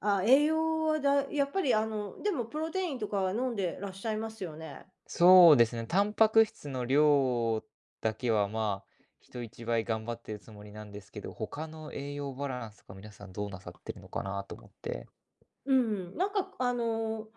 あ、栄養はだそうでやすっぱりね。あの、でもプロテインとかは飲んでらっしゃいますよね？そうですね、タンパク質の量だけは、ま、人一倍頑張ってるつもりなんですけど、他の栄養バランスが皆さんどうなさってるのかなと思って。うん、なんか、くあの、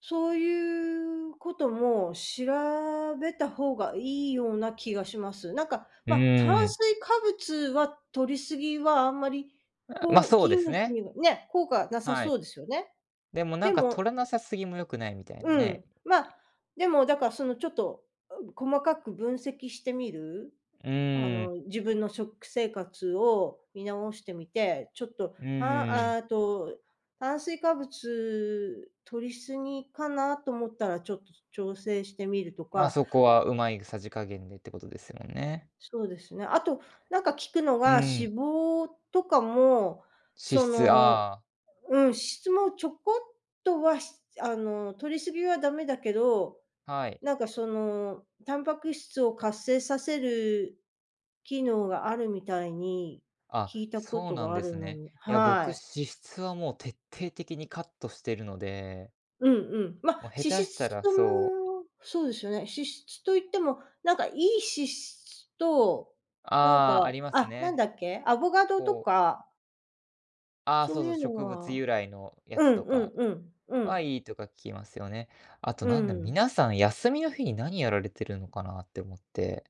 そういうことも調べたほうがいいような気がします。なんか、うまあ、炭ん。水化物は摂りすぎはあんまり、あ、ま、こう、そう筋です肉ね。にはね、効果なさはそい。うですよね。でもなでんか摂もらなさすぎも良くないみたいなうね。ん、まあ、でもだからそのちょっと細かく分析してみる、うあん。の、自分の食生活を見直してみて、ちょっと、うたん。あと、炭水化物摂りすぎかなと思ったら、ちょっと調整してみるとまあ、か。そこはうまい、ぐさじ加減でってことですよね。そうですね、あと、なんか聞くのうが、ん。脂肪とかも、脂そ質、の、ああ。うん、脂質もちょこっとはひつあの、摂りすぎはダメだけど、はい。なんかその、タンパク質を活性させる機能があるみたいに、あ、聞いたこそうとなんがあでるすのね。にいや、僕はい。脂質はもう徹底的にカットしてるのでうんうん、まあ、もう、下脂手した質らとそう。もそうですよね、脂質と言っても、なんか良い脂質と、なんああ、か、ありますあ、なんね。だっけ。アボカドとこうかあ、そそううそいう、うの植物は由来のやうつんとうかんうん、うは、ん。いいとか聞きますよね。あとうなんだろ、ん。皆さん休みの日に何やられてるのかなって思って。